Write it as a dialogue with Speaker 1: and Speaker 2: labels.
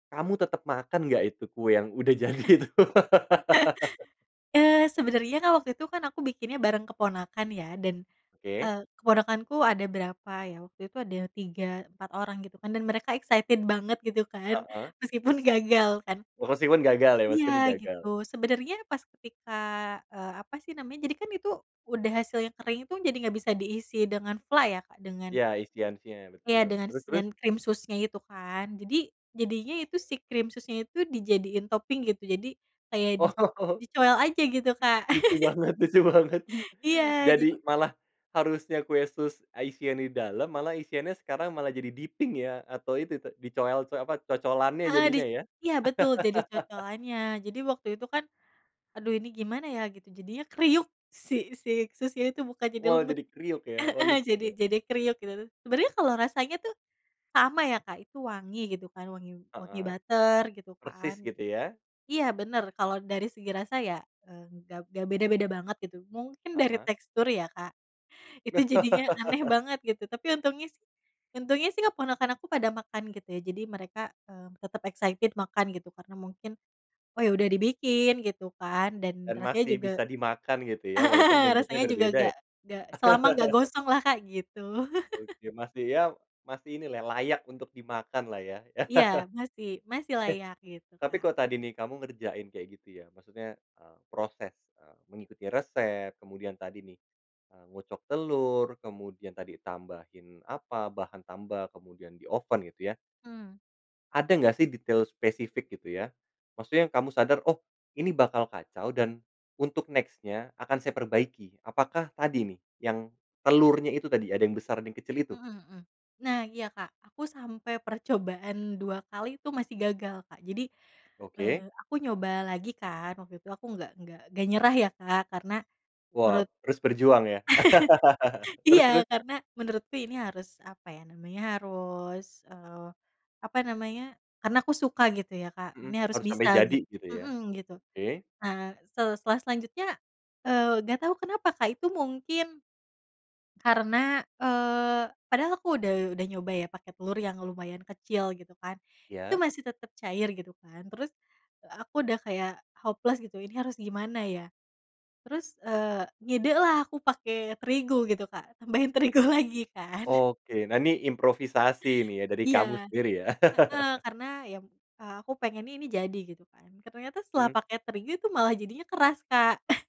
Speaker 1: Kamu tetep makan nggak Itu kue yang udah jadi itu.
Speaker 2: Eee, Sebenernya kan waktu itu kan, aku bikinnya bareng keponakan, ya. Dan,
Speaker 1: Oke.
Speaker 2: eee, keponakanku ada berapa ya, waktu itu ada 3, 4 orang, gitu kan. Dan mereka excited banget, gitu kan.
Speaker 1: Heeh.
Speaker 2: Meskipun gagal kan
Speaker 1: Oh, meskipun gagal, ya,
Speaker 2: Iya,
Speaker 1: meskipun
Speaker 2: gitu.
Speaker 1: gagal.
Speaker 2: Sebenernya pas ketika, eee, apa sih namanya, jadi kan itu, udah hasilnya kering itu, jadi nggak bisa diisi dengan fla ya, Kak, dengan
Speaker 1: Iya, isian-isian
Speaker 2: Iya,
Speaker 1: betul.
Speaker 2: dengan
Speaker 1: Terus
Speaker 2: s
Speaker 1: terus?
Speaker 2: yan krim susnya itu, kan? Jadi jadinya itu si krim susnya itu, dijadiin topping, gitu. Jadi kayak di
Speaker 1: Oh.
Speaker 2: dicoel aja. Gitu Kak.
Speaker 1: Lucu banget lucu banget!
Speaker 2: Iya. Jad
Speaker 1: Jadi malah harusnya kue sus a isian di dalam, malah isiannya sekarang malah jadi dipping, ya? Atau itu te dicoel co apa, cocolannya,
Speaker 2: Heeh. Di
Speaker 1: jadinya ya?
Speaker 2: iya, betul. Jadi cocolannya. Jadi waktu itu kan, aduh, ini gimana ya, gitu. Jadinya kriuk, si si susnya itu bukan jadi
Speaker 1: Waw,
Speaker 2: lembut,
Speaker 1: jadi kriuk, ya? Oh,
Speaker 2: heeh.
Speaker 1: lucu
Speaker 2: Jadi
Speaker 1: da
Speaker 2: jadi kriuk, gitu. Sebenernya kalo rasanya tuh, sama ya, Kak. Itu wangi, gitu kan. Wangi wangi
Speaker 1: Heeh.
Speaker 2: butter, gitu
Speaker 1: Persis,
Speaker 2: kan.
Speaker 1: gitu ya?
Speaker 2: Iya, bener. Kalo dari segi rasa ya, eee, gak gak beda-beda banget, gitu. Mungkin dari
Speaker 1: Heeh.
Speaker 2: tekstur, ya, Kak. Itu jadinya aneh banget, gitu. Tapi untungnya sih untungnya sih, keponakan aku pada makan, gitu ya. Jadi mereka, eee, tetep excited makan, gitu. Karena mungkin, oh, ya udah dibikin gitu, kan. Dan
Speaker 1: Dan
Speaker 2: rasanya
Speaker 1: masih
Speaker 2: juga
Speaker 1: bisa dimakan, gitu ya, walaupun
Speaker 2: heeh.
Speaker 1: bentuknya
Speaker 2: Rasanya juga
Speaker 1: berbeda, ya?
Speaker 2: nggak nggak selama nggak gosong lah, Kak. Gitu.
Speaker 1: Oke. Masih ya masih inilah, layak untuk dimakan lah, ya?
Speaker 2: Iya. Masih, masih
Speaker 1: Eh,
Speaker 2: layak. Gitu,
Speaker 1: tapi
Speaker 2: Kak.
Speaker 1: kalo tadi nih, kamu ngerjain kayak gitu, ya. Maksudnya, eee, proses, eee, mengikuti resep, kemudian tadi nih, eee, ngocok telur, kemudian tadi tambahin apa, bahan tambah, kemudian dioven, gitu ya.
Speaker 2: Mmm.
Speaker 1: Ada nggak sih detail spesifik, gitu ya, maksudnya kamu sadar, oh ini bakal kacau, dan untuk next-nya, akan saya perbaiki. Apakah tadi nih, yang telurnya itu tadi ada yang besar, ada yang kecil itu?
Speaker 2: Mhm mhm. Nah, iya Kak. Aku sampai percobaan 2 kali, itu masih gagal, Kak. Jadi, eee,
Speaker 1: Oke.
Speaker 2: aku nyoba lagi kan, waktu itu aku nggak nggak nggak nyerah ya, Kak. Karena
Speaker 1: Wah,
Speaker 2: menurut
Speaker 1: terus berjuang ya? Terus
Speaker 2: iya.
Speaker 1: terus?
Speaker 2: Karena menurutku ini harus, apa ya namanya, harus, eee, apa namanya, karena aku suka, gitu ya Kak.
Speaker 1: Mhm.
Speaker 2: Ini harus
Speaker 1: Harus sampai
Speaker 2: bisa,
Speaker 1: jadi,
Speaker 2: git
Speaker 1: gitu ya.
Speaker 2: mhm, gitu.
Speaker 1: Oke.
Speaker 2: Nah, sel setelah selanjutnya, eee, nggak tau kenapa Kak, itu mungkin, karena, eee, padahal aku udah udah nyoba, ya, pake telur yang lumayan kecil, gitu kan. Itu
Speaker 1: Iya.
Speaker 2: masih tetep cair, gitu kan. Terus, aku udah kayak hopeless, gitu. Ini harus gimana ya? Terus, eee, ngide lah, aku pake terigu, gitu Kak. Tambahin terigu lagi kan.
Speaker 1: Oke. Nah nih, improvisasi nih, ya, dari
Speaker 2: Iya.
Speaker 1: kamu sendiri, ya.
Speaker 2: Heeh. Karena, ya, eee, aku pengennya ini jadi, gitu kan. Ternyata setelah
Speaker 1: Mhm.
Speaker 2: pake terigu, itu malah jadinya keras, Kak.